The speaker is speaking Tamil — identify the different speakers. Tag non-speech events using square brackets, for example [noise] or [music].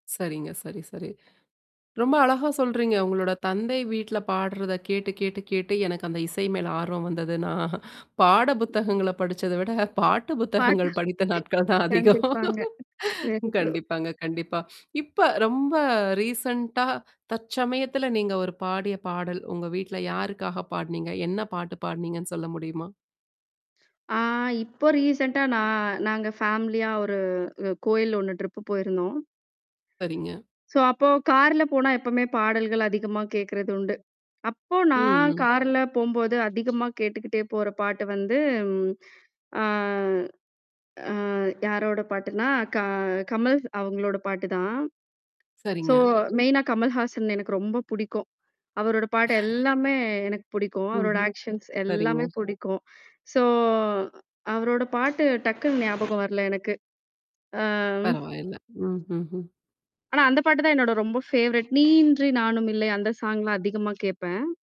Speaker 1: சரிங்க. சரி சரி. ரொம்ப அழகா சொல்றீங்க. உங்களோட தந்தை வீட்ல பாட்றத கேட்டு கேட்டு கேட்டு எனக்கு அந்த இசை மேல ஆர்வம் வந்ததுன்னா, பாட புத்தகங்கள படிச்சத விட பாட்டு
Speaker 2: பாட்டா
Speaker 1: புத்தகங்கள் படித்த
Speaker 2: [chuckles]
Speaker 1: நாட்கள் தான் அதிகம்.
Speaker 2: கண்டிப்பாங்க [unintelligible]
Speaker 1: கண்டிப்பாங்க கண்டிப்பா. இப்ப ரொம்ப ரீசென்ண்டா தற்சமயத்தில நீங்க ஒரு பாடிய பாடல், உங்க வீட்ல யாருக்காக பாட்னீங்க? என்ன பாட்டு பாட்னீங்கன்னு சொல்ல முடியுமா?
Speaker 2: ஆ இப்போ ரீசென்ட்டா நான் நாங்க ஃபேமிலியா ஒரு அ கோயில் ஒண்ணு டிரிப் போயிருந்தோம்.
Speaker 1: சரிங்க.
Speaker 2: சோ அப்போ கார்ல போனா எப்பவுமே பாடல்கள் அதிகமா கேட்கிறதுண்டு. அப்போ
Speaker 1: ம்,
Speaker 2: நான்
Speaker 1: ம்.
Speaker 2: கார்ல போம்போது அதிகமா கேட்டுக்கிட்டே போற பாட்டு வந்து ம். ஆ. அ யாரோட பாட்டுன்னா, க கமல் ஸ் அவுங்களோட பாட்டு தான். சோ
Speaker 1: சரிங்க.
Speaker 2: மெயினா கமல்ஹாசன் எனக்கு ரொம்ப புடிக்கும். அவரோட பாட்டு எல்லாமே எனக்கு பிடிக்கும். அவரோட
Speaker 1: ம்ஹும்.
Speaker 2: ஆக்ஷன்ஸ்
Speaker 1: சரிங்கோ.
Speaker 2: எல்லாமே புடிக்கும். சோ அவரோட பாட்டு டக்குன்னு ஞாபகம் வரல எனக்கு. ஆ.
Speaker 1: பரவாயில்ல. ம், ஹும், ம்.
Speaker 2: ஆனா, அந்த பாட்டு தான் என்னோட ரொம்ப ஃபேவரட். நீயின்றி நானும் இல்லை அந்த சாங் லாம் அதிகமா கேட்பேன்.